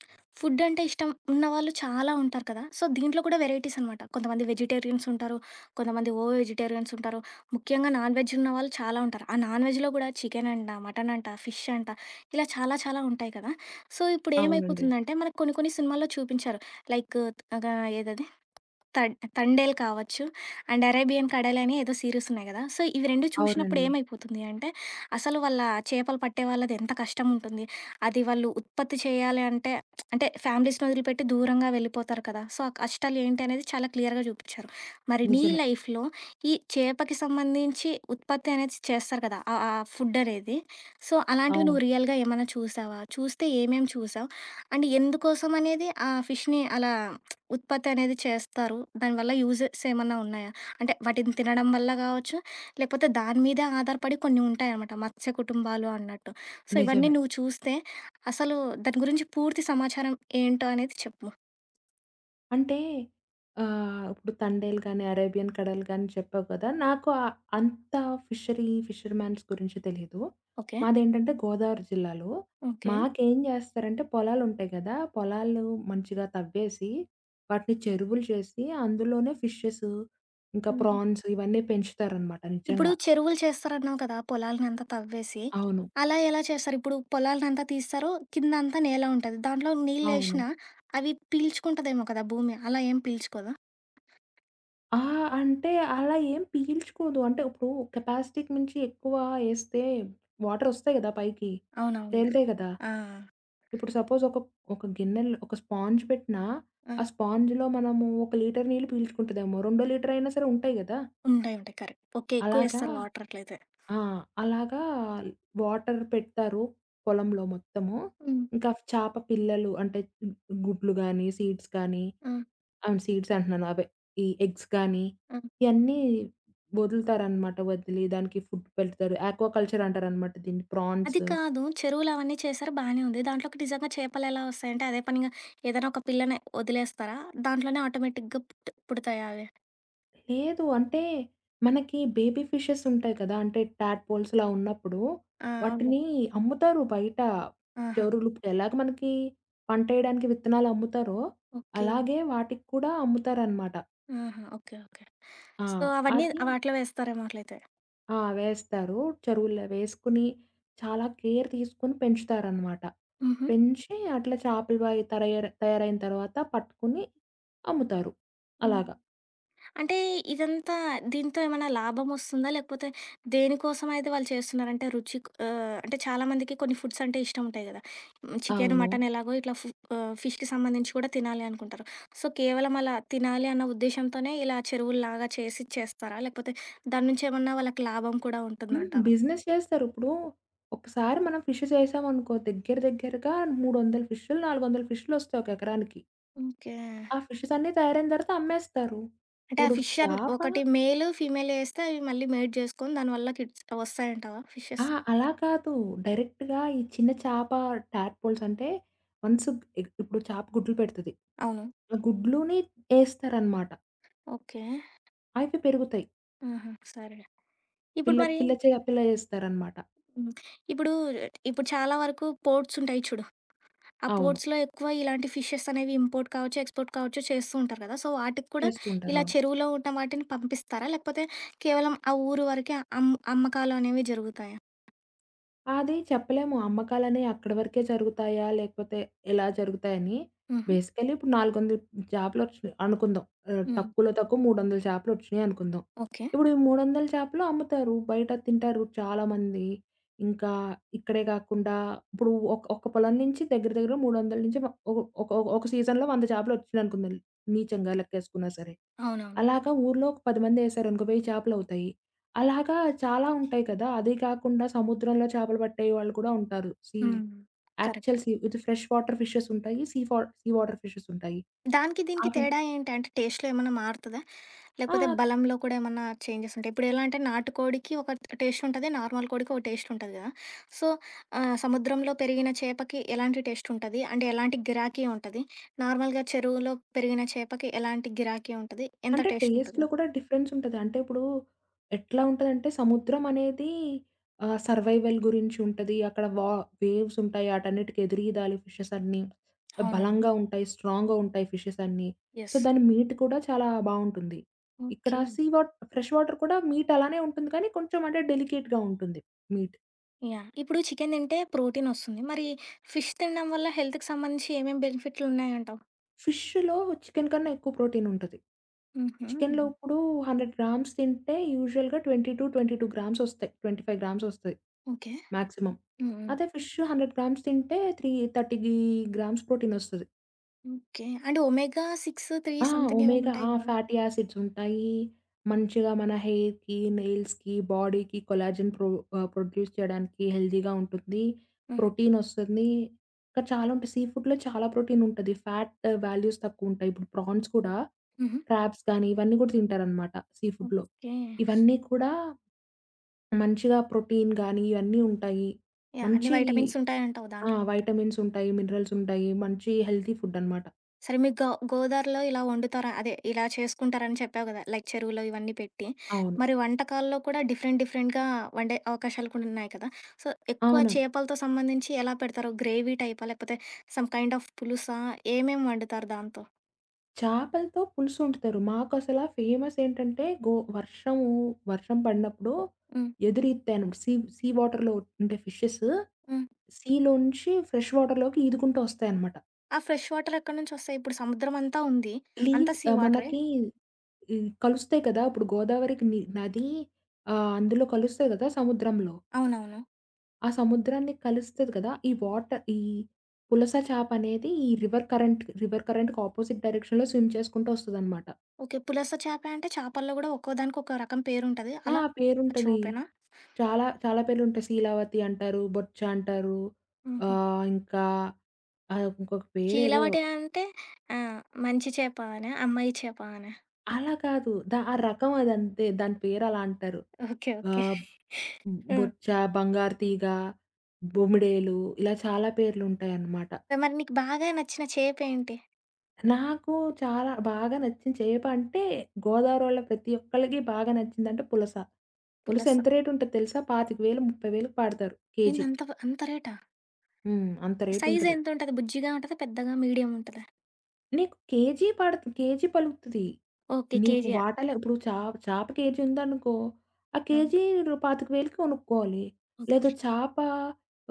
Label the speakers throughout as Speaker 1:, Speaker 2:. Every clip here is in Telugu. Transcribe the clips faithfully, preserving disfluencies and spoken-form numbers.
Speaker 1: ఫుడ్ అంటే ఇష్టం ఉన్నవాళ్ళు చాలా ఉంటారు కదా! సో, దీంట్లో కూడా వెరైటీస్ అనమాట. కొంతమంది వెజిటేరియన్స్ ఉంటారు. కొంతమంది ఓ వెజిటేరియన్స్ ఉంటారు. ముఖ్యంగా నాన్‌వెజ్ ఉన్న వాళ్ళు చాలా ఉంటారు. ఆ నాన్‌వెజ్‌లో గూడా చికెనంట, మటనంట, ఫిష్ అంట ఇలా చాలా చాలా ఉంటాయి కదా! సో, ఇప్పుడు
Speaker 2: అవునండి.
Speaker 1: ఏమైపోతుందంటే, మనకు కొన్ని కొన్ని సినిమాల్లో చూపించారు. లైక్ అగా ఏదది. తం తండేల్ కావచ్చు. అండ్ 'అరేబియన్ కడేల్' అని ఏదో సీరిస్ ఉన్నాయి కదా! సో, ఇవి రెండు చూసినప్పుడు
Speaker 2: అవునండి.
Speaker 1: ఏమైపోతుంది అంటే, అసలు వాళ్ళ చేపలు పట్టే వాళ్ళది ఎంత కష్టం ఉంటుంది. అది వాళ్ళు ఉత్పత్తి చేయాలి అంటే, అంటే ఫ్యామిలీస్‌ని వదిలిపెట్టి దూరంగా వెళ్ళిపోతారు కదా! సో, ఆ కష్టాలు ఏంటి అనేది చాలా క్లియర్‌గా చూపించారు. మరి నీ
Speaker 2: నిజమే.
Speaker 1: లైఫ్‌లో ఈ చేపకి సంబంధించి, ఉత్పత్తి అనేది చేస్తారు కదా! ఆహ్, ఆ! ఫుడ్ అనేది. సో, అలాంటివి
Speaker 2: అవును.
Speaker 1: నువ్వు రియల్‌గా ఏమన్నా చూసావా? చూస్తే ఏమేమి చూసావు? అండ్ ఎందుకోసం అనేది ఆ ఫిష్‌ని అలా ఉత్పత్తి అనేది చేస్తారు? దానివల్ల యూజెస్ ఏమన్నా ఉన్నాయా? అంటే వాటిని తినడం వల్ల గావచ్చు, లేకపోతే దాని మీదే ఆధారపడి కొన్ని ఉంటాయన్నమాట. మత్స్య కుటుంబాలు అన్నట్టు. సో, ఇవన్నీ
Speaker 2: నిజమే.
Speaker 1: నువ్వు చూస్తే, అసలు దాని గురించి పూర్తి సమాచారం ఏంటో అనేది చెప్పు.
Speaker 2: అంటే, ఆహ్ ఇప్పుడు 'తండేల్' గాని, 'అరేబియన్ కడల్' గాని, చెప్పావు కదా! నాకు ఆ అంత ఫిషరీ, ఫిషర్ మ్యాన్స్ గురించి తెలీదు.
Speaker 1: ఓకే.
Speaker 2: మాదేంటంటే గోదావరి జిల్లాలు.
Speaker 1: ఓకే.
Speaker 2: మాకేం చేస్తారంటే, పొలాలు ఉంటాయి గదా! పొలాలూ మంచిగా తవ్వేసి, వాటిని చెరువులు చేసి, అందులోనే ఫిషెసు, ఇంకా
Speaker 1: హుహు.
Speaker 2: ఫ్రాన్స్ ఇవన్నీ పెంచుతారనమాట!
Speaker 1: ఇప్పుడు
Speaker 2: నిజంగా.
Speaker 1: చెరువులు చేస్తారన్నావు కదా! పొలాల్నిఅంతా తవ్వేసి,
Speaker 2: అవును.
Speaker 1: అలా ఎలా చేస్తారు? ఇప్పుడు పొలాల్నంతా తీస్తారు కిందంతా నేలా ఉంటది, దాంట్లో
Speaker 2: అవును.
Speaker 1: నీళ్ళేషినా, అవి పీల్చుకుంటదేమో కదా భూమి, అలా ఏం పీల్చుకోదా?
Speaker 2: ఆ! అంటే, అలా ఏం పీల్చుకొదు. అంటే ఇప్పుడు కెపాసిటీకి మంచి ఎక్కువ ఏస్తే, వాటరోస్తాయి కదా! పైకి.
Speaker 1: అవునవునులే,
Speaker 2: తెల్తాయ్ కదా!
Speaker 1: ఆ!
Speaker 2: ఇప్పుడు సపోజ్ ఒక ఒక గిన్నెల్లో ఒక స్పాన్జ్ పెట్టినా,
Speaker 1: ఆ!
Speaker 2: ఆ స్పాన్జ్‌లో మనము ఒక లీటరు నీళ్లు పీల్చుకుంటదేమ్మో, రెండో లీటరు అయినా సరే ఉంటాయి కదా!
Speaker 1: ఉంటాయి, ఉంటాయి కరెక్ట్. ఓకే ఎక్కువ
Speaker 2: అలాగా!
Speaker 1: వేస్తారు, వాటర్ అట్లయితే.
Speaker 2: ఆ! అలాగా, వాటర్ పెడతారు, పొలంలో మొత్తము.
Speaker 1: హ్మ్.
Speaker 2: ఇంకా చాప పిల్లలు అంటే, గుడ్లు గానీ, సీడ్స్ కానీ,
Speaker 1: ఆ!
Speaker 2: అ సీడ్స్ అంటున్నాను అవే, ఈ ఎగ్స్ గాని,
Speaker 1: అ
Speaker 2: ఇయన్నీ వదులుతారనమాట. వదిలి దానికి ఫుడ్ పెడతారు. యాక్వా కల్చర్ అంటారనమాట దీన్ని. ఫ్రాన్స్
Speaker 1: అది కాదు, చెరువులు అవన్నీ చేశారు బానే ఉంది. దాంట్లోకి నిజంగా చేపలేలా వస్తాయంటే, అదే పనిగా ఏదైనా ఒక పిల్లని, వదిలేస్తారా? దాంట్లోనే ఆటోమేటిక్‌గా పుట్ పుడతాయా అవి?
Speaker 2: లేదు. అంటే, మనకి బేబీ ఫిషెసుంటాయి కదా! అంటే, టాప్‌పోల్స్‌లా ఉన్నప్పుడు,
Speaker 1: ఆ! అవునులే.
Speaker 2: వాటిని అమ్ముతారు బయట.
Speaker 1: ఆహా!
Speaker 2: జరులుప్పు ఎలాగ మనకి, పంటేయడానికి విత్తనాలు అమ్ముతారో,
Speaker 1: ఓకే.
Speaker 2: అలాగే వాటికి కూడా, అమ్ముతారనమాట.
Speaker 1: ఆహా! ఓకే. ఓకే.
Speaker 2: ఆ!
Speaker 1: సో, అవన్నీ
Speaker 2: అది
Speaker 1: వాటిలో వేస్తారేమో అట్లయితే.
Speaker 2: ఆ! వేస్తారు. చెరువులవేసుకొని, చాలా కేర్ తీసుకొని పెంచుతారనమాట.
Speaker 1: హుహు.
Speaker 2: పెంచి, అట్లా చేపల వాయ తరయర్ తయారైన తర్వాత పట్టుకొని, అమ్ముతారు.
Speaker 1: హ్మ్.
Speaker 2: అలాగా.
Speaker 1: అంటే, ఇదంతా, దీంతో ఏమన్నా లాభమోస్తుందా? లేకపోతే, దేనికోసమయితే వాళ్ళు చేస్తున్నారు? అంటే, రుచి ఆహ్, అంటే, చాలామందికి కొన్ని ఫుడ్సంటే ఇష్టం ఉంటాయి కదా! చికెన్,
Speaker 2: అవును.
Speaker 1: మటన్ ఎలాగో ఇట్లా ఫు ఆహ్, ఫిష్‌కి సంబంధించి కూడా తినాలి అనుకుంటారు. సో, కేవలం అలా తినాలి అన్న ఉద్దేశ్యంతోనే, ఇలా చెరువులులాగా చేసి చేస్తారా? లేకపోతే, దాని నుంచి ఏమన్నా వాళ్ళకి లాభం కూడా
Speaker 2: హ్మ్.
Speaker 1: ఉంటుందంటవా?
Speaker 2: బిజినెస్ చేస్తారు. ఇప్పుడు, ఒకసారి మనం ఫిషెస్ ఏసామనుకో, దగ్గర దగ్గరగా మూడు వందల ఫిష్‌లు, నాలుగు వందల ఫిష్‌లొస్తాయి, ఒక ఎకరానికి.
Speaker 1: ఓకే.
Speaker 2: ఆ ఫిషెసన్నీ తయరైన తర్వాత అమ్మేస్తారు.
Speaker 1: అంటే, ఆ
Speaker 2: ఇప్పుడు
Speaker 1: ఫిషంట్
Speaker 2: చాప
Speaker 1: ఒకటి మేలు, ఫీమేలు ఏస్తే, అవి మళ్ళీ మేడ్ చేసుకొని, దానివల్ల కిడ్ అవొస్తాయంటావా?
Speaker 2: ఆ!
Speaker 1: ఫిషెస్?
Speaker 2: అలా కాదు. డైరెక్ట్‌గా ఈ చిన్న చాపా ట్యాప్‌పోల్సంటే, వన్స్ ఇ ఇప్పుడు చేప గుడ్లు పెడతది.
Speaker 1: అవును.
Speaker 2: ఆ గుడ్లుని ఏస్తారనమాట.
Speaker 1: ఓకే.
Speaker 2: అయితే పెరుగుతాయి.
Speaker 1: హుహు! సరే. ఇప్పుడు
Speaker 2: పిల్ల
Speaker 1: మరి
Speaker 2: పిల్ల చేయ పిల్లలిస్తారనమాట.
Speaker 1: హ్మ్. ఇప్పుడు ఇప్పుడు చాలా వరకు పోర్ట్స్ ఉంటాయి చూడు. ఆ
Speaker 2: అవును.
Speaker 1: పోర్ట్స్‌లో ఎక్కువ ఇలాంటి ఫిషెస్ అనేవి ఇంపోర్ట్ కావచ్చు, ఎక్స్‌పోర్ట్ కావచ్చు, చేస్తూ ఉంటారు కదా! సో, వాటికి కూడా
Speaker 2: చేస్తూ
Speaker 1: ఇలా
Speaker 2: ఉంటారవును.
Speaker 1: చెరువులో ఉన్న వాటిని పంపిస్తారా? లేకపోతే కేవలం ఆ ఊరు వరకే అమ్ అమ్మకాలనేవి జరుగుతాయా?
Speaker 2: అది చెప్పలేము. అమ్మకాలనేయి అక్కడి వరకే జరుగుతాయా? లేకపోతే ఇలా జరుగుతాయని?
Speaker 1: హుహు.
Speaker 2: బేసికలీ ఇప్పుడు నాలుగు వందల చాపలొచ్చినాయి అనుకుందాం. ఆహ్,
Speaker 1: హ్మ్.
Speaker 2: తక్కువలో తక్కువ మూడువందల చేపలొచ్చినాయనుకుందాం.
Speaker 1: ఓకే.
Speaker 2: ఇప్పుడు ఈ మూడువందల చేపలు అమ్ముతారు. బయట తింటారు చాలామంది. ఇంకా ఇక్కడే కాకుండా ఇప్పుడు ఒక ఒక పొలం నుంచి దగ్గర దగ్గర మూడువందల నుంచి మ ఒక ఒక ఒక సీజన్‌లో వంద చాపలొచ్చినయనుకుందాం, నిజంగా లెక్కేసుకున్నా సరే.
Speaker 1: అవునవును.
Speaker 2: అలాగా ఊర్లో ఒక పది మందేశారనుకో వెయ్యి చేపలవుతాయి. అలాగా చాలా ఉంటాయి కదా! అది కాకుండా సముద్రంలో చేపలు పట్టే వాళ్ళు కూడా ఉంటారు. See,
Speaker 1: hmm.
Speaker 2: Actual
Speaker 1: correct.
Speaker 2: See ఇది ఫ్రెష్ వాటర్ ఫిషెస్ ఉంటాయి. సీ ఫా సీ వాటర్ ఫిషెస్ ఉంటాయి.
Speaker 1: దానికి దీనికి
Speaker 2: అది
Speaker 1: తేడా ఏంటంటే టేస్ట్‌లో ఏమన్నా మారుతదా? లేకపోతే
Speaker 2: ఆ!
Speaker 1: బలంలో కూడా ఏమన్నా చేంజెస్ ఉంటాయి. ఇప్పుడు ఎలా అంటే, నాటుకోడికి ఒక టేస్ట్ ఉంటది. నార్మల్ కోడికి ఒక టేస్ట్ ఉంటది కదా! సో, ఆహ్, సముద్రంలో పెరిగిన చేపకి ఎలాంటి టేస్ట్ ఉంటది? అంటే ఎలాంటి గిరాకీ ఉంటది. నార్మల్‌గా చెరువులో పెరిగిన చేపకి ఎలాంటి గిరాకీ ఉంటది? ఎంత
Speaker 2: అంటే
Speaker 1: టేస్ట్ ఉంటది?
Speaker 2: టేస్ట్‌లో కూడా డిఫరెన్స్ ఉంటది. అంటే ఇప్పుడు ఎట్లా ఉంటందంటే సముద్రం అనేది ఆహ్, సర్వైవల్ గురించి ఉంటది. అక్కడ వా వేవ్స్ ఉంటాయి. ఆటన్నిటికి ఎదురీదాలి ఫిషెస్ అన్నీ.
Speaker 1: అవునవును.
Speaker 2: బలంగా ఉంటాయి. స్ట్రాంగ్‌గా ఉంటాయి ఫిషెస్ అన్నీ. So,
Speaker 1: yes.
Speaker 2: దాని మీట్ కూడా చాలా బావుంటుంది. ఇక్కడ
Speaker 1: okay.
Speaker 2: See what fresh water కూడా మీట్ అలానే ఉంటుంది. కానీ కొంచెం అంటే డెలికేట్‌గా ఉంటుంది మీట్.
Speaker 1: యాహ్! ఇప్పుడు చికెన్ తింటే ప్రోటీనొస్తుంది. మరి ఫిష్ తినడం వల్ల హెల్త్‌కి సంబంధించి ఏమేమి బెనిఫిట్లున్నాయంటావు?
Speaker 2: ఫిష్షులో చికెన్ కన్నా ఎక్కువ ప్రోటీన్ ఉంటది. చికెన్‌లో
Speaker 1: హుహు.
Speaker 2: ఇప్పుడు హండ్రెడ్ గ్రామ్స్ తింటే యూజువల్‌గా ట్వెంటీ టు ట్వెంటీ టూ గ్రామ్సొస్తయి. ట్వెంటీ ఫైవ్ గ్రామ్సొస్తయి.
Speaker 1: ఓకే.
Speaker 2: మాక్సిమం.
Speaker 1: Hmm, hmm.
Speaker 2: అదే ఫిషు హండ్రెడ్ గ్రామ్స్ తింటే త్రీ థర్టీగీ గ్రామ్స్ ప్రోటీనొస్తది.
Speaker 1: ఓకే. అంటే, ఓమేగా సిక్స్ త్రీ
Speaker 2: ఆ!
Speaker 1: స‌మ్‌థింగేవో
Speaker 2: ఒమేగా,
Speaker 1: ఉంటాయి
Speaker 2: ఆ!
Speaker 1: గదా!
Speaker 2: ఫాటీ యాసిడ్స్ ఉంటాయి. మంచిగా మన హెయిర్‌కి, నెయిల్స్‌కి బాడీకి కొలాజన్ ప్రొ ఆహ్, ప్రొడ్యూస్ చేయడానికి హెల్తీగా ఉంటుంది.
Speaker 1: హ్మ్.
Speaker 2: ప్రోటీనొస్తుంది. ఇంక చాలా ఉంటాయి. సీ ఫుడ్‌లో చాలా ప్రోటీనుంటది. ఫ్యాట్ వాల్యూస్ తక్కువు ఉంటాయి. ఇప్పుడు ప్రాన్స్ కూడా,
Speaker 1: హుహు.
Speaker 2: క్రాబ్స్ గాని ఇవన్నీ కూడా తింటారనమాట సీ ఫుడ్‌లో.
Speaker 1: ఓకేే.
Speaker 2: ఇవన్నీ కూడా, మంచిగా ప్రోటీన్ గానీ, ఇయన్నీ ఉంటాయి.
Speaker 1: యాహ్! అన్ని
Speaker 2: మంచి,
Speaker 1: వైటమిన్సుంటాయి అంటావు
Speaker 2: ఆ!
Speaker 1: దాంట్లో ఉంటయి.
Speaker 2: వైటమిన్సుంటాయి, మిన్రల్సుంటాయి. మంచి హెల్తీ ఫుడ్డనమాట.
Speaker 1: సరే మీకు గ గోదారిలో ఇలా వండుతార అదే ఇలా చేసుకుంటారని చెప్పావు కదా లైక్ చెరువులో ఇవన్నీ పెట్టి.
Speaker 2: అవును.
Speaker 1: మరి వంటకాల్లో కూడా డిఫరెంట్ డిఫరెంట్‌గా వండే అవకాశాలు కూడా ఉన్నాయి కదా! సో, ఎక్కువ
Speaker 2: అవునం
Speaker 1: చేపలతో సంబంధించి ఎలా పెడతారు? గ్రేవీ టైపా? లేకపోతే సమ్ కైండ్ ఆఫ్ పులుసా? ఏమేం వండుతారు దాంతో?
Speaker 2: చేపలతో పులుసు వండుతారు. మాకు అసల ఫేమస్ ఏంటంటే, గో వర్షము వర్షం పడినప్పుడు
Speaker 1: హ్మ్.
Speaker 2: ఎదురీత్తాయి. సీ సీ వాటర్‌లో ఉంటే ఫిషెస్.
Speaker 1: హ్మ్.
Speaker 2: సీలోంచి ఫ్రెష్ వాటర్‌లోకి ఈదుకుంటూ వస్తాయనమాట.
Speaker 1: ఆ ఫ్రెష్ వాటర్ ఎక్కడి నుంచి వస్తాయి. ఇప్పుడు సముద్రం అంతా ఉంది.
Speaker 2: ఇలీవ్
Speaker 1: అంతా సీ
Speaker 2: ఆహ్,
Speaker 1: వాటరే?
Speaker 2: మనకి ఈ కలుస్తాయి కదా! ఇప్పుడు గోదావరికి ని నది ఆహ్, అందులో కలుస్తాయి కదా! సముద్రంలో.
Speaker 1: అవునవును.
Speaker 2: ఆ సముద్రాన్ని కలుస్తది కదా! ఈ వాటర్ ఈ పులస చాప అనేది ఈ రివర్ కరెంట్ రివర్ కరెంట్‌కి ఆపోజిట్ డైరెక్షన్‌లో స్విమ్ చేసుకుంటూ వస్తదనమాట.
Speaker 1: ఓకే. పులస చేప అంటే, చేపల్లో కూడా ఒక్కో దానికి ఒక్క రకం పేరు ఉంటది.
Speaker 2: ఆ!
Speaker 1: అలా
Speaker 2: పేరుంటది.
Speaker 1: చూపెనా?
Speaker 2: చాలా చాలా పేర్లు ఉంటాయి. సీలావతి అంటారు. బొచ్చ అంటారు.
Speaker 1: హుహు.
Speaker 2: ఆహ్, ఇంకా అది ఇంకొక పేరేదో.
Speaker 1: కీలవటి అంటే ఆహ్, మంచి చేపా అన, అమ్మాయి చేపా అన?
Speaker 2: అలా కాదు. దా ఆ రకం అదంతే. దాని పేరు అలా అంటారు.
Speaker 1: ఓకే. ఓకే.
Speaker 2: ఆబ్
Speaker 1: హ్మ్!
Speaker 2: బొచ్చ, బంగారు తీగ, బొమిడేలు ఇలా చాలా పేర్లు ఉంటాయన్నమాట.
Speaker 1: ఆ! మరి నీకు బాగా నచ్చిన చేపేంటి?
Speaker 2: నాకు చాలా బాగా నచ్చింది చేప అంటే, గోదావరోళ్ళ ప్రతి ఒక్కళకి బాగా నచ్చిందంటే పులస. పులుస
Speaker 1: పులస.
Speaker 2: ఎంత రేటు ఉంటది తెలుసా పాతిక వేలు ముపై వెలకి పడతారు
Speaker 1: ఏంది
Speaker 2: కేజీ.
Speaker 1: అంత ప అంత రేటా?
Speaker 2: హ్మ్. అంత
Speaker 1: సైజ్
Speaker 2: రేటుంటది.
Speaker 1: ఎంతుంటది బుజ్జిగా ఉంటదా? పెద్దగా మీడియం ఉంటదా?
Speaker 2: నీకు కేజీ పడదు కేజీ పలుగుతది.
Speaker 1: ఓకే.
Speaker 2: నీకు
Speaker 1: కేజీయా.
Speaker 2: వాటలే ఇప్పుడు చేప చేప కేజీందనుకో ఆ
Speaker 1: ఆ!
Speaker 2: కేజీ పాతిక వేలుకి కొనుక్కోవాలి.
Speaker 1: ఓకే.
Speaker 2: లేదు చాప,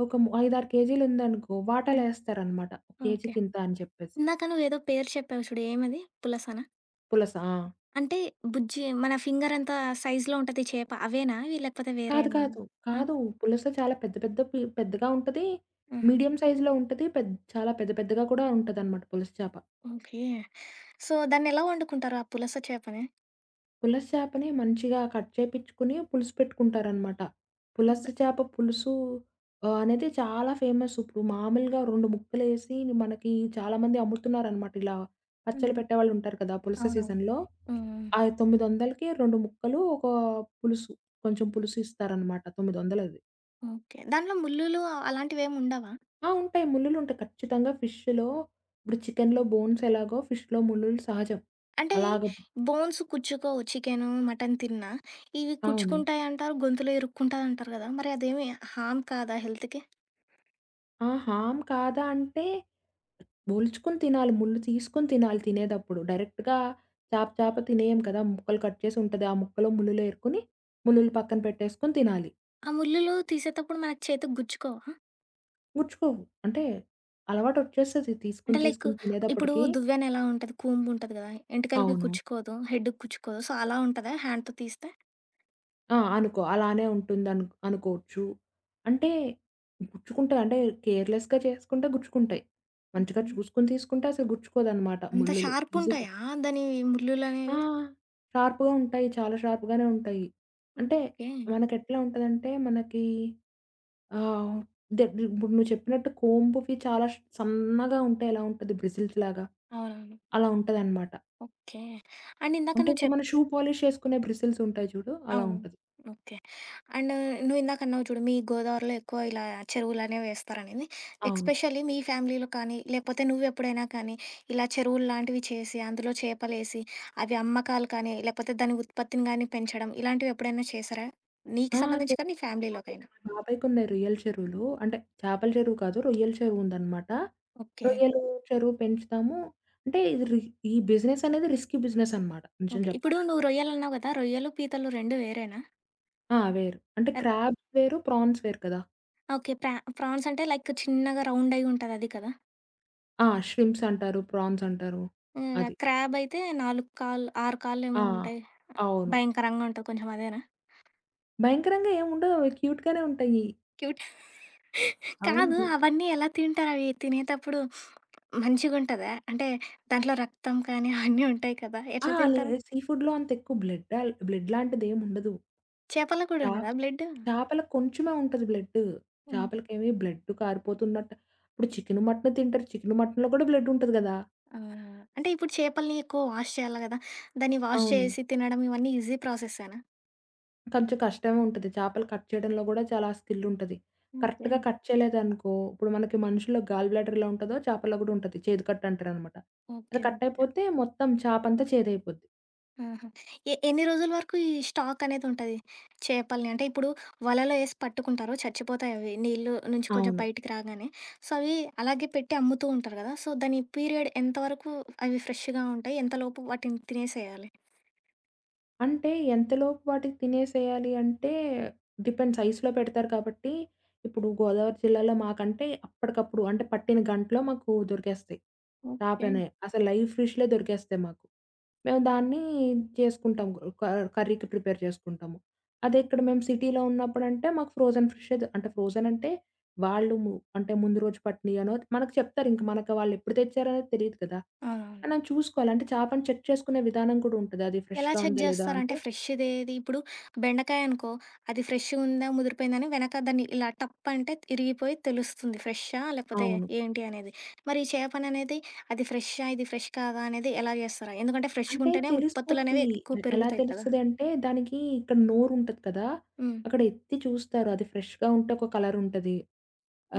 Speaker 2: ఒక ము ఐదారు కేజీలుందనుకో
Speaker 1: హ్మ్.
Speaker 2: వాటాలేస్తారనమాట. KG
Speaker 1: okay.
Speaker 2: కింత అని చెప్పేసి.
Speaker 1: ఇందాక నువ్వేదో పేరు చెప్పావు చూడు ఏమది పులసనా?
Speaker 2: పులస. ఆ!
Speaker 1: అంటే బుజ్జి మన ఫింగర్ అంత సైజ్‌లో ఉంటది చేప అవేనా? లేకపోతే వేరే
Speaker 2: కాదు
Speaker 1: ఏమన్నా?
Speaker 2: కాదు.
Speaker 1: ఆ!
Speaker 2: కాదు. పులస చాలా పెద్ద పెద్ద పి పెద్దగా ఉంటది.
Speaker 1: ఆహా!
Speaker 2: మీడియం సైజ్‌లో ఉంటది. పెద్ చాలా పెద్ద పెద్దగా కూడా ఉంటదనమాట పులస చేప.
Speaker 1: ఓకే. సో దాన్నెలా వొండుకుంటారు? ఆ పులస చేపని?
Speaker 2: పులస చేపని మంచిగా కట్ చేపిచ్చుకుని పులుసు పెట్టుకుంటారనమాట. పులస
Speaker 1: ఇంగ.
Speaker 2: చేప పులుసు. ఆహ్, అనేది చాలా ఫేమస్. ఇప్పుడు మామూలుగా రెండు ముక్కలేసి మనకి చాలామంది అమ్ముతున్నారనమాట ఇలా. పచ్చళ్ళు
Speaker 1: హుహు.
Speaker 2: పెట్టేవాళ్ళుంటారు కదా! పులుస
Speaker 1: అవునవును.
Speaker 2: సీజన్‌లో.
Speaker 1: హ్మ్.
Speaker 2: ఆ తొమ్మిదొందలకి రెండు ముక్కలు ఒక పులుసు కొంచెం పులుసు ఇస్తారనమాట. తొమ్మిదొందలది.
Speaker 1: ఓకే. దాంట్లో ముల్లులు అలాంటివేముండవా?
Speaker 2: ఆ! ఉంటాయి. ముల్లులుంటాయి. ఖచ్చితంగా ఫిష్‌లో, ఇప్పుడు చికెన్‌లో బోన్స్ ఎలాగో ఫిష్‌లో ముల్లులు సహజం.
Speaker 1: అంటే
Speaker 2: అలాగ
Speaker 1: బోన్స్ కుచ్చుకోవు చికెను, మటన్ తిన్నా. ఇవి
Speaker 2: అవును.
Speaker 1: కుచ్చుకుంటాయింటారు గొంతులో ఇరుక్కుంటాదంటారు గదా! మరి అదేమి హార్మ్ కాదా హెల్త్‌కి?
Speaker 2: ఆ! హార్మ్ కాదా! అంటే ఒలుచుకొని తినాలి. ముల్లు తీసుకొని తినాలి తినేటప్పుడు. డైరెక్ట్‌గా చేప చేప తినేయము కదా! ముక్కలు కట్ చేసుంటది. ఆ ముక్కలో ముల్లులేరుకొని ముల్లులు పక్కన పెట్టేసుకొని తినాలి.
Speaker 1: ఆ ముల్లులు తీసేటప్పుడు మనకు చేతికి గుచ్చుకోవా?
Speaker 2: గుచ్చుకోవు, అంటే అలవాటొచ్చేస్తది తీసుకొని
Speaker 1: అంటే లైక్
Speaker 2: తీసుకొని
Speaker 1: ఇప్పుడు
Speaker 2: తినేదప్పటికి.
Speaker 1: దువ్యానెలా ఉంటది, కూంబుంటది కదా, ఎంటికలకి
Speaker 2: అవును.
Speaker 1: కుచ్చుకోదు. హెడ్డుకి కుచ్చుకోదు. సో, అలా ఉంటదా హ్యాండ్‌తో తీస్తే?
Speaker 2: ఆ! అనుకో, అలానే ఉంటుందను అనుకోచ్చు. అంటే గుచ్చుకుంటాయ అంటే కేర్లెస్‌గా చేసుకుంటే గుచ్చుకుంటాయి. మంచిగా
Speaker 1: ఓకే.
Speaker 2: చూసుకొని తీసుకుంటే అసలు గుచ్చుకోదన్నమాట,
Speaker 1: అంత
Speaker 2: ముల్లులు నిజంగా.
Speaker 1: షార్పుంటాయా దాని
Speaker 2: ఆ!
Speaker 1: ముల్లులనేవి?
Speaker 2: షార్ప్‌గా ఉంటాయి. చాలా షార్ప్‌గానే ఉంటాయి. అంటే
Speaker 1: ఓకే.
Speaker 2: మనకెట్లా ఉంటందంటే మనకి ఆహ్, దే ఇప్పుడు నువ్వు చెప్పినట్టు కోంబ్‌కి చాలా సన్నగా ఉంటే ఎలా ఉంటది బ్రిజిల్స్‌లాగా
Speaker 1: అవునవును.
Speaker 2: అలా ఉంటదనమాట.
Speaker 1: ఓకే. అండ్ ఇందాక
Speaker 2: అంటే
Speaker 1: నువ్వు
Speaker 2: ఇప్పుడు
Speaker 1: చెప్
Speaker 2: మనం షూ పాలిష్ ఏసుకునే బ్రిసిల్స్ ఉంటాయి చూడు, అలా
Speaker 1: అవును.
Speaker 2: ఉంటది.
Speaker 1: ఓకే. అండ్ నువ్విందాకన్నావు చూడు మీ గోదావరిలో ఎక్కువ ఇలా చెరువులనేవి ఏస్తారనేది.
Speaker 2: అవును.
Speaker 1: ఎక్స్పెషల్లీ మీ ఫ్యామిలీలో కానీ, లేకపోతే నువ్వెప్పుడైనా కానీ ఇలా చెరువుల్లాంటివి చేసి అందులో చేపలేసి అవి అమ్మకాలు కానీ, లేకపోతే దాని ఉత్పత్తిని గాని పెంచడం ఇలాంటివెప్పుడైనా చేశారా? నీకు
Speaker 2: ఆ! [unintelligible]
Speaker 1: సంబంధించి నీ ఫ్యామిలీలోకైనా?
Speaker 2: మా బాబాయికున్నాయి రొయ్యల చెరువులు. అంటే చేపల చెరువు కాదు. రొయ్యల చెరువు ఉందనమాట.
Speaker 1: ఓకే.
Speaker 2: రొయ్యలు చెరువు పెంచుతాము. అంటే ఇది రి ఈ బిజినెస్ అన్నది రిస్కీ బిజినెస్ అనమాట, నిజం
Speaker 1: ఓకే. ఇప్పుడు
Speaker 2: చెప్పాలంటే.
Speaker 1: నువ్వు రొయ్యలన్నావు కదా! రొయ్యలు, పీతలు రెండు వేరేనా?
Speaker 2: ఆ! వేరు. అంటే,
Speaker 1: ఆహ్
Speaker 2: క్రాబ్స్ వేరు ప్రాన్స్ వేరు కదా!
Speaker 1: ఓకే. ప్రా ఫాన్స్ అంటే, లైక్ చిన్నగా రౌండ్ అయ్యి ఉంటది అది కదా!
Speaker 2: ఆ! ష్రింప్స్ అంటారు. ప్రాన్స్ అంటారు.
Speaker 1: ఇంగా
Speaker 2: అది.
Speaker 1: క్రాబ్ అయితే నాలుగు కాళ్ళ ఆరు కాళ్ళు ఏమో
Speaker 2: ఆ!
Speaker 1: ఉంటాయి,
Speaker 2: అవును.
Speaker 1: భయంకరంగా ఉంటాది కొంచెం అదేనా?
Speaker 2: భయంకరంగా ఏమి ఉండవవి క్యూట్‌గానే ఉంటాయి.
Speaker 1: క్యూట్ కాదు
Speaker 2: అవును.
Speaker 1: అవన్నీ ఎలా తింటారు అవి తినేటప్పుడు. మంచిగుంటదా? అంటే దాంట్లో రక్తం కానీ, అవన్నీ ఉంటాయి కదా!
Speaker 2: ఆ!
Speaker 1: ఎట్లా
Speaker 2: లే,
Speaker 1: తింటారుా?
Speaker 2: సీ ఫుడ్‌లో అంతెక్కువ బ్లడ్ ఆల్ బ్లడ్‌లాంటిదేం ఉండదు.
Speaker 1: చేపల్లో
Speaker 2: చ
Speaker 1: కూడా ఉండదా బ్లడ్డు?
Speaker 2: చేపలకి కొంచెమే ఉంటది బ్లడ్డు.
Speaker 1: హుహు.
Speaker 2: చేపలకేమి బ్లడ్ కారిపోతున్నటు ఇప్పుడు చికెను, మటను తింటారు. చికెను మటను‌లో కూడా బ్లెడ్ ఉంటది కదా!
Speaker 1: ఆహా! అంటే, ఇప్పుడు చేపల్ని ఎక్కువ వాష్ చేయాలా కదా! దాన్ని వాష్
Speaker 2: అవును.
Speaker 1: చేసి, తినడం ఇవన్నీ ఈజీ ప్రాసెసేనా?
Speaker 2: కొంచెం కష్టమే ఉంటది. చేపలు కట్ చేయడంలో కూడా, చాలా స్కిలుంటది. కరెక్ట్‌గా
Speaker 1: ఓకే.
Speaker 2: కట్ చేయలేదనుకో, ఇప్పుడు మనకి మనుషుల్లో గాల్ బ్లాడర్ ఎలా ఉంటదో, చేపలో కూడా ఉంటది. చేదు కట్ అంటారనమాట. అది
Speaker 1: ఓకే.
Speaker 2: Cut
Speaker 1: okay.
Speaker 2: అయిపోతే మొత్తం చేప అంతా చేదైపోద్ది.
Speaker 1: ఆహా! ఎ ఎన్ని రోజుల వరకు ఈ స్టాక్ అనేది ఉంటది. చేపల్ని, అంటే, ఇప్పుడు వలలో ఏసి పట్టుకుంటారో, చచ్చిపోతాయి అవి నీళ్ళ నుంచి కొంచెం
Speaker 2: అవును.
Speaker 1: బయటికి రాగానే. సో, అవి అలాగే పెట్టి అమ్ముతూ ఉంటారు గదా! సో, దాని పీరియడ్ ఎంత వరకు అవి ఫ్రెష్‌గా ఉంటాయి, ఎంతలోపు వాటిని తినేసేయాలి?
Speaker 2: అంటే, ఎంతలోపు వాటికి తినేసేయాలి అంటే, డిపెండ్స్ ఐస్‌లో పెడతారు కాబట్టి. ఇప్పుడు గోదావరి జిల్లాలో మాకంటే, అప్పటికప్పుడు అంటే పట్టిన గంటలో మాకు దొరికేస్తయి.
Speaker 1: ఓకే.
Speaker 2: చాపనే, అసలు లైవ్ ఫిష్‌లే దొరికేస్తాయి మాకు. మేము
Speaker 1: హుహు.
Speaker 2: దాన్ని చేసుకుంటాం క కర్రీకి ప్రిపేర్ చేసుకుంటాము. అదే ఇక్కడ మేము సిటీలో ఉన్నప్పుడంటే మాకు ఫ్రోజన్ ఫిషే దొ ఫ్రోజన్ అంటే వాళ్ళు అంటే, ముందు రోజు పట్టినయో అనో మనకు చెప్తారు, ఇంక మనకు వాళ్ళు ఎప్పుడు తెచ్చారనేది తెలీదు కదా!
Speaker 1: అవునవును.
Speaker 2: మనం చూసుకోవాలి. అంటే చేపని చెక్ చేసుకునే విధానం కూడా ఉంటది అది
Speaker 1: ఎలా
Speaker 2: ఫ్రెష్‌గా
Speaker 1: చెక్
Speaker 2: ఉందా లేదా
Speaker 1: చేస్తారంటే
Speaker 2: అంటే?
Speaker 1: ఫ్రెష్ దేది? ఇప్పుడు బెండకాయ అనుకో అది ఫ్రెష్ ఉందా ముదిరిపోయిందా అని వెనక దాన్ని ఇలా టప్ అంటే ఇరిగిపోయి తెలుస్తుంది ఫ్రేష్హా? లేకపోతే
Speaker 2: అవును.
Speaker 1: ఏంటి అనేది. మరి చేపని అనేది అది ఫ్రేష్హా ఇది ఫ్రెష్ కాదా? అనేది ఎలా జేస్తారు? ఎందుకంటే
Speaker 2: అంటే
Speaker 1: ఫ్రెష్‌గుంటేనే
Speaker 2: తెలిసిపోద్ది.
Speaker 1: ఉత్పత్తులనేవి ఎక్కువ
Speaker 2: ఎలా
Speaker 1: పెరుగుతాయి కదా!
Speaker 2: తెలుస్తది అంటే, దానికి ఇక్కడ నోరు ఉంటది కదా!
Speaker 1: హ్మ్.
Speaker 2: అక్కడ ఎత్తి చూస్తారు. అది ఫ్రెష్‌గా ఉంటే ఒక కలర్ ఉంటది.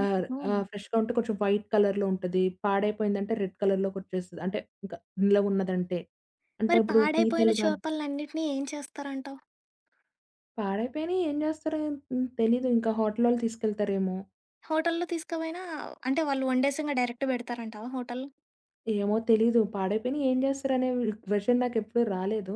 Speaker 2: ఆ ఆ! ఫ్రెష్‌గా ఉంటే కొంచెం వైట్ కలర్‌లో ఉంటది. పాడైపోయిందంటే రెడ్ కలర్‌లోకి వచ్చేస్తది. అంటే ఇంక నిలవ ఉన్నదంటే. అంటే
Speaker 1: మరి
Speaker 2: ఇప్పుడు
Speaker 1: పాడైపోయిన
Speaker 2: పీతలు గాని
Speaker 1: చోపలనన్నిటిని ఏం చేస్తారంటావు?
Speaker 2: పాడైపోయినయి ఏం జేస్తారు? హ్మ్. తెలీదు ఇంకా హోటల్లోళ్ళు తీసుకెళ్తారేమో?
Speaker 1: హోటలులో తీసుకపోయినా అంటే వాళ్ళు వండేసింగా డైరెక్ట్ బెడతారంటావా హోటల్?
Speaker 2: ఏమో తెలీదు. పాడైపోయినయి ఏం జేస్తారనే క్వెషన్ నాకెప్పుడూ రాలేదు.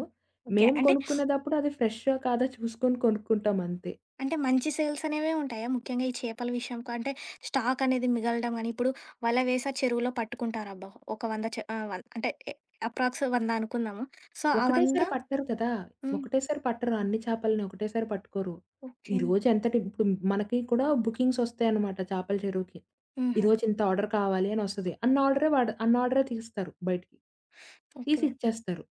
Speaker 1: ఓకే.
Speaker 2: మేం
Speaker 1: అంటే
Speaker 2: కొనుక్కునేదప్పుడు అది ఫ్రెషో కాదో చూసుకొని కొనుక్కుంటామంతే.
Speaker 1: అంటే మంచి సేల్స్ అనేవే ఉంటాయా? ముఖ్యంగా ఈ చేపల విషయంకు, అంటే స్టాకనేది మిగలడం గాని, ఇప్పుడు వల వేసా చెరువులో పట్టుకుంటారబ్బా! ఒక వంద చ ఆహ్, వన్ అంటే ఎ అప్రాక్సు వంద అనుకుందాము. సో, ఆ వంద
Speaker 2: ఒకటేసారి పట్టరు కదా!
Speaker 1: హ్మ్.
Speaker 2: ఒకటేసారి పట్టరు. అన్ని చాపల‌నోకటేసారి పట్టుకోరు.
Speaker 1: ఓకే.
Speaker 2: ఈరోజేంతటి ఇప్పుడు మనకి కూడా బుకింగ్స్‌సోస్తాయన్నమాట చేపల చెరువుకి.
Speaker 1: హుహు.
Speaker 2: ఈరోజింత ఆర్డర్ కావాలి అనోస్తది. అన్నీ ఆర్డరే వాడ్ అన్నీ ఆర్డరే తీస్తారు బయటికి.
Speaker 1: ఓకే.
Speaker 2: తీసిచ్చేస్తారు.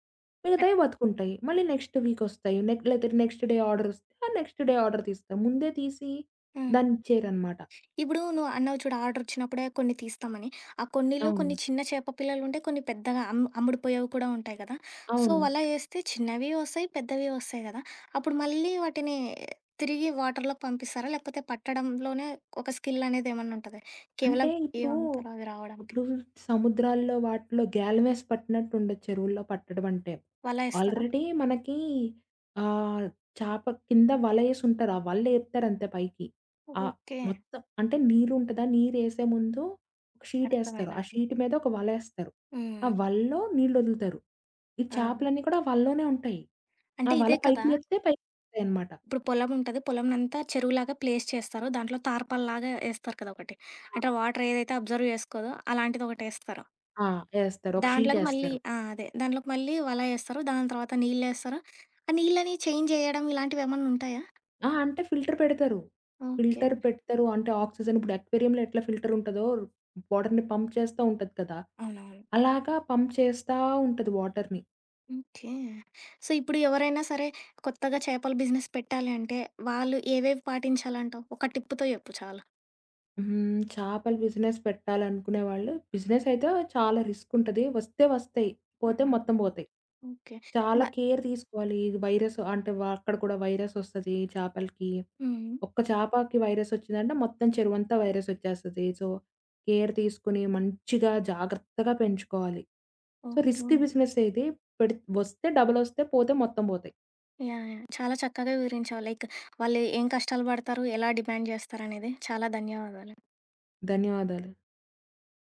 Speaker 1: అహ్
Speaker 2: మిగతాయి బతుకుంటాయి. మళ్ళీ నెక్స్ట్ వీకోస్తాయి. నెక్ లెతే నెక్స్ట్ డే ఆర్డరోస్తే, ఆ నెక్స్ట్ డే ఆర్డర్ తీస్తాం. ముందే తీసి
Speaker 1: హ్మ్.
Speaker 2: దానిచ్చేయరనమాట.
Speaker 1: ఇప్పుడు నువ్వన్నావు చూడు ఆర్డరోచ్చినప్పుడే కొన్ని తీస్తామని. ఆ కొన్నిలో
Speaker 2: అవును.
Speaker 1: కొన్ని చిన్న చేప పిల్లలుంటాయి, కొన్ని పెద్దగా అం అమ్ముడిపోయేవి కూడా ఉంటాయి కదా! సో
Speaker 2: అవును.
Speaker 1: వల ఏస్తే చిన్నవి ఒస్తాయి, పెద్దవి ఒస్తాయి గదా! అప్పుడు మళ్ళీ వాటిని తిరిగి వాటర్‌లోకి పంపిస్తారా? లేకపోతే పట్టడంలోనే, ఒక స్కిలనేది ఏమన్నా ఉంటదా? కేవలం
Speaker 2: అంటే ఇప్పుడు,
Speaker 1: ఏవమ్ముతరో అది రావడానికి.
Speaker 2: ఇప్పుడు సముద్రాల్లో, వాటిలో గ్యాలమేసి పట్టినట్టు ఉండొదు చెరువుల్లో పట్టడమంటే.
Speaker 1: వల ఏస్తారా?
Speaker 2: ఆల్రెడీ మనకి ఆహ్, చాప కింద వలఏసుంటారు. ఆ వల్లేపుతారంతే పైకి. ఆహ్,
Speaker 1: ఓకే.
Speaker 2: మొత్తం అంటే నీరుంటదా? నీరేసే ముందు షీటేస్తారు.
Speaker 1: అర్ధమైంది.
Speaker 2: ఆ
Speaker 1: అర్థం
Speaker 2: షీట్ మీదోక వలేస్తారు. ఆ
Speaker 1: హ్మ్.
Speaker 2: వల‌లో నీళ్ళొదులుతారు. ఈ
Speaker 1: ఆ!
Speaker 2: చేపలన్నీ కూడా వలలోనే ఉంటాయి. ఆ
Speaker 1: అంటే
Speaker 2: వల
Speaker 1: ఇదే
Speaker 2: పైకి
Speaker 1: కదా!
Speaker 2: లేపితే, పైకొస్తాయి అనమాట.
Speaker 1: ఇప్పుడు పొలముంటది. పొలమునంతా చెరువులాగా ప్లేస్ చేస్తారు. దాంట్లో తార్పాలాగా ఏస్తారు కదొకటి.
Speaker 2: ఆ!
Speaker 1: అంటే వాటరేదైతే అబ్జర్వ్ జేసుకోదో అలాంటిదోకటేస్తారు.
Speaker 2: ఆ! ఏస్తారు. ఒక
Speaker 1: దాంట్లోకి మళ్ళీ
Speaker 2: షీటేస్తారు.
Speaker 1: ఆ! అదే. దాంట్లోకి మళ్ళీ వల ఏస్తారు. దాని తర్వాత నీళ్లేస్తారు. ఆ నీళ్ళని చేంజ్ జేయడం ఇలాంటివేమన్నా ఉంటాయా?
Speaker 2: ఆహా! అంటే ఫిల్టర్ పెడతారు.
Speaker 1: ఓకే.
Speaker 2: ఫిల్టర్ పెడతారు, అంటే ఆక్సిజన్ ఇప్పుడు అక్వేరియంలో ఎట్లా ఫిల్టరుంటదో బోర్డర్‌ని పంప్ చేస్తా ఉంటది కదా!
Speaker 1: అవునవును.
Speaker 2: అలాగా పంప్ చేస్తా ఉంటది వాటర్‌ని.
Speaker 1: ఓకే. సో ఇప్పుడు ఎవరైనా సరే, కొత్తగా చేపల బిజినెస్ పెట్టాలంటే, వాళ్ళు ఏవేవి పాటించాలంటావు? ఒక టిప్పు‌తో జెప్పు చాలు.
Speaker 2: హుహు. చాపల బిజినెస్ పెట్టాలనుకునేవాళ్ళు, బిజినెసయితే చాలా రిస్క్ ఉంటది. వస్తే వస్తాయి, పోతే
Speaker 1: హుహు.
Speaker 2: మొత్తం పోతాయి.
Speaker 1: ఓకే. బ
Speaker 2: చాలా కేర్ తీసుకోవాలి. ఇది వైరసు అంటే వ అక్కడ కూడా వైరసోస్తది చాపలకి.
Speaker 1: హ్మ్. హ్మ్.
Speaker 2: ఒక్క చాపాకి వైరసోచ్చిందంటే, మొత్తం చెరువంతా వైరసోచ్చేస్తది. సో, కేర్ తీసుకొని, మంచిగా జాగ్రత్తగా పెంచుకోవాలి. So
Speaker 1: okay.
Speaker 2: రిస్కీ బిజినెసే ఇది పెడిత్ వస్తే డబలోస్తాయి, పోతే మొత్తం బోతాయి.
Speaker 1: యాహ్! యాహ్! చాలా చక్కగా వివరించావు. లైక్ వాళ్ళు ఏం కష్టాలు బడతారు? ఎలా డిమాండ్ జేస్తారనేది. చాలా ధన్యవాదాలు.
Speaker 2: ధన్యవాదాలు.